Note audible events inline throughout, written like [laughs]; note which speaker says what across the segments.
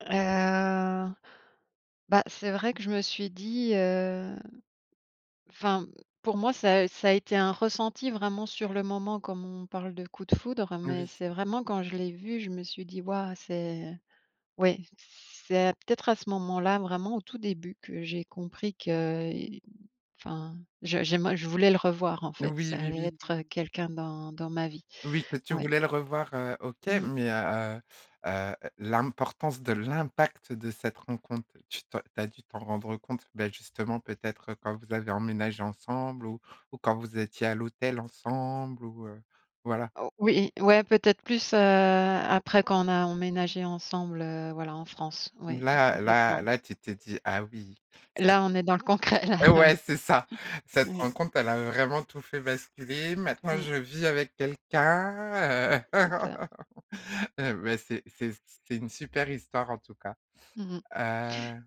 Speaker 1: Heu, bah c'est vrai que je me suis dit, heu, enfin pour moi ça, heu, ça a été un ressenti vraiment sur le moment comme on parle de coup de foudre, mais
Speaker 2: Oui.
Speaker 1: c'est vraiment quand je l'ai vu, je me suis dit: «Waouh c'est». Oui c'est peut-être à ce moment-là vraiment au tout début que j'ai compris qu'il enfin je j'aimer je voulais le revoir en
Speaker 2: Heu,
Speaker 1: fait,
Speaker 2: oui,
Speaker 1: ça
Speaker 2: oui,
Speaker 1: allait
Speaker 2: oui.
Speaker 1: être, heu, quelqu'un dans dans ma vie.
Speaker 2: Oui, toi tu
Speaker 1: Ouais.
Speaker 2: voulais le revoir, heu, OK,
Speaker 1: Mmh.
Speaker 2: mais heu heu, l'importance de l'impact de cette rencontre, tu tu as dû t'en rendre compte, ben justement peut-être quand vous avez emménagé ensemble? Ou ou quand vous étiez à l'hôtel ensemble ou heu, voilà.
Speaker 1: O oui, ouais peut-être plus, heu, après quand on a emménagé ensemble, heu, voilà en France, oui
Speaker 2: Là là
Speaker 1: complètement.
Speaker 2: là tu t'es dit: «Ah oui, c'est».
Speaker 1: Là on est dans le concret, là,
Speaker 2: heu,
Speaker 1: ouais.
Speaker 2: ouais c'est ça:
Speaker 1: [chuckles]
Speaker 2: «Cette
Speaker 1: Ouais.
Speaker 2: rencontre, elle a vraiment tout fait, basculer maintenant
Speaker 1: Mmh.
Speaker 2: je vis avec quelqu'un,
Speaker 1: Mmh,
Speaker 2: heu»
Speaker 1: c'est ça.
Speaker 2: [laughs] et ben c'est c'est c'est une super histoire en tout cas.
Speaker 1: Mmh mh.
Speaker 2: Heu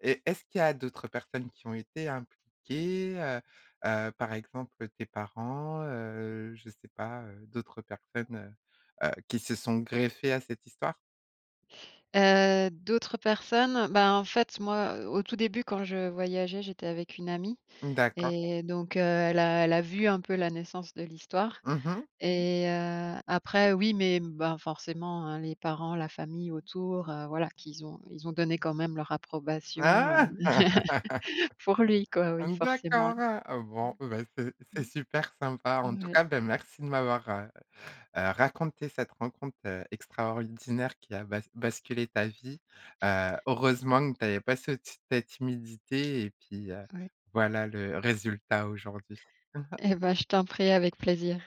Speaker 2: et est-ce qu'il y a d'autres personnes qui ont été impliquées, heu heu, par exemple tes parents, heu, je sais pas, heu, d'autres personnes, heu, qui se sont greffées à cette histoire?
Speaker 1: Heu, d'autres personnes, bah en fait moi au tout début quand je voyageais, j'étais avec une amie
Speaker 2: D'accord.
Speaker 1: et donc heu, elle a elle a vu un peu la naissance de l'histoire
Speaker 2: Mmh mh.
Speaker 1: et heu, après oui mais bah forcément, hein, les parents, la famille autour, heu, voilà qu'ils ont ils ont donné quand même leur approbation, heu,
Speaker 2: Ah!
Speaker 1: [laughs] pour lui
Speaker 2: [laughs]
Speaker 1: quoi, oui forcément.
Speaker 2: D'accord, heu,
Speaker 1: Mmh.
Speaker 2: bon, bah c'est c'est super sympa. En
Speaker 1: Mmh.
Speaker 2: tout
Speaker 1: Ouais.
Speaker 2: cas ben merci, heu heu, de m'avoir raconté cette rencontre, heu, extraordinaire qui a bas basculé ta vie. Heu, heureusement que tu avais pas cet cette timidité et puis heu,
Speaker 1: Ouais.
Speaker 2: voilà le résultat aujourd'hui. [chuckles]
Speaker 1: Eh bah, je t'en prie avec plaisir.